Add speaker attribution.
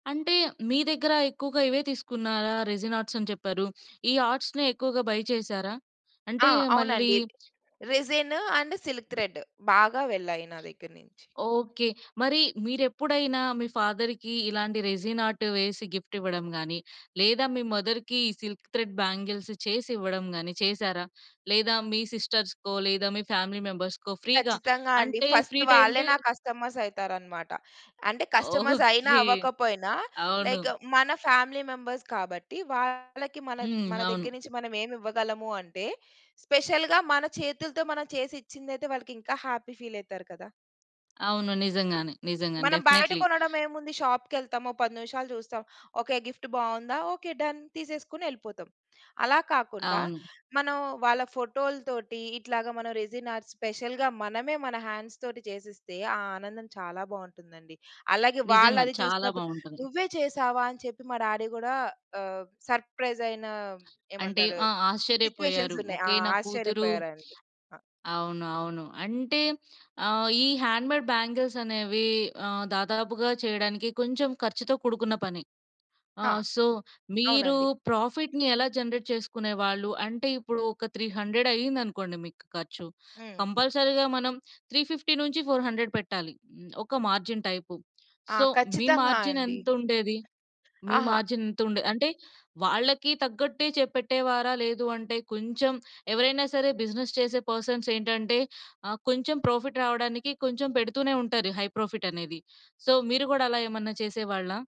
Speaker 1: అంటే, మీ దగ్గర ఎక్కువగా ఇవే తీసుకున్నారా? రెజిన్ ఆర్ట్స్ అని చెప్పారు. ఈ ఆర్ట్స్‌నే ఎక్కువగా బయ్ చేసారా? అంటే
Speaker 2: ఆ!
Speaker 1: మళ్ళీ
Speaker 2: అవునండి. Resin and silk thread. బాగా వెళ్ళాయి నా దగ్గర నించి.
Speaker 1: ఓకే. మరి మీరెప్పుడైనా మీ ఫాదర్‌కి ఇలాంటి రెసీన్ ఆర్ట్ వేసి గిఫ్ట్ ఇవ్వడం గాని, లేదా మీ మదర్‌కి సిల్క్ త్రెడ్ బ్యాంగిల్స్ చేసివ్వడం గాని, చేశారా? లేదా మీ సిస్టర్స్‌కో, లేదా మీ ఫ్యామిలీ మెంబర్స్‌కో ఫ్రీగా,
Speaker 2: ఖచ్చితంగా అండి.
Speaker 1: అంటే
Speaker 2: ఫస్ట్
Speaker 1: ఫ్రీ ట్రై
Speaker 2: వాళ్ళే
Speaker 1: అంటే
Speaker 2: నా కస్టమర్స్ అయితారనమాట. అంటే,
Speaker 1: ఓహో!
Speaker 2: కస్టమర్స్ అయినా,
Speaker 1: కే.
Speaker 2: అవకపోయినా,
Speaker 1: అవును.
Speaker 2: లైక్ మన ఫ్యామిలీ మెంబర్స్ కాబట్టి, వాళ్ళకి మన
Speaker 1: హ్మ్.
Speaker 2: మన
Speaker 1: అవును.
Speaker 2: దగ్గర నించి మనమేమివ్వగలము అంటే, స్పెషల్‌గా మన చేతులతో మనం చేసి ఇచ్చిందైతే, వాళ్ళకింకా హ్యాపీ ఫీల్ అయితారు కదా!
Speaker 1: అవును. నిజంగానే. నిజంగానే.
Speaker 2: మనం బయట
Speaker 1: డెఫ్‌నేట్లి.
Speaker 2: కొనడం ఏముంది? షాప్‌కెళ్తామొ 10 నివిషాలు చూస్తాం. ఓకే. గిఫ్ట్ బావుందా? ఓకే. డన్. తీసేసుకుని ఎళిపోతం. అలా కాకుండా,
Speaker 1: అవును.
Speaker 2: మనం వాళ్ళ ఫోటోల్తోటి ఇట్లాగా మనం రెసిన్ ఆర్ట్స్ ,స్పెషల్‌గా మనమే మన హ్యాండ్స్ తోటి చేసీస్తే, ఆ ఆనందం చాలా బావుంటుందండి. అలాగే,
Speaker 1: నిజంగా.
Speaker 2: వాళ్ళది
Speaker 1: చాలా
Speaker 2: చూసినప్పుడు,
Speaker 1: బావుంటుంది.
Speaker 2: "నువ్వే చేసావా" అని చెప్పి మా డాడీ గూడా, ఆహ్, సర్ప్రైజ్ ఐన
Speaker 1: అంటే,
Speaker 2: ఏమంటారు?
Speaker 1: ఆహ్, ఆశ్చర్యపోయారు.
Speaker 2: సిట్యుయేషన్స్ ఉన్నాయి. ఆ!
Speaker 1: ఓకె. నా కూతురు
Speaker 2: ఆశ్చర్యపోయారాయన. ఆ!
Speaker 1: అవును. అవును. అంటే, ఆహ్, ఈ హ్యాండ్‌మేడ్ బ్యాంగిల్స్ అనేవి ఆహ్, దాదాపుగా చేయడానికి కొంచెం ఖర్చుతో కూడుకున్న పని.
Speaker 2: ఆ!
Speaker 1: ఆహ్, సో, ‌మీరు
Speaker 2: అవునండి.
Speaker 1: ప్రాఫిట్‌ని ఎలా జనరేట్ చేసుకునేవాళ్ళు? అంటే ఇప్పుడు ఒక 300 అయిందనుకోండి మీకు ఖర్చు.
Speaker 2: హ్మ్.
Speaker 1: కంపల్సరీ‌గా మనం 350-400 పెట్టాలి, ఒక మార్జిన్ టైపు.
Speaker 2: ఆ!
Speaker 1: సో, మీ
Speaker 2: ఖచ్చితంగా
Speaker 1: మార్జిన్
Speaker 2: అండి.
Speaker 1: ఎంతుండేది? మీ
Speaker 2: అహ!
Speaker 1: మార్జిన్ ఎంత ఉండే అంటే వాళ్ళకీ తగ్గట్టే చే పెట్టేవారా? లేదు అంటే, కొంచెం ఎవరైనా సరే బిజినెస్ చేసే పర్సన్స్ ఏంటంటే, ఆహ్, కొంచెం ప్రోఫిట్ రావడానికి కొంచెం పెడుతూనే ఉంటారు హై‌ప్రోఫిట్ అనేది. సో, మీరు కోడా అలా ఏమన్నా చేసేవాళ్ళా?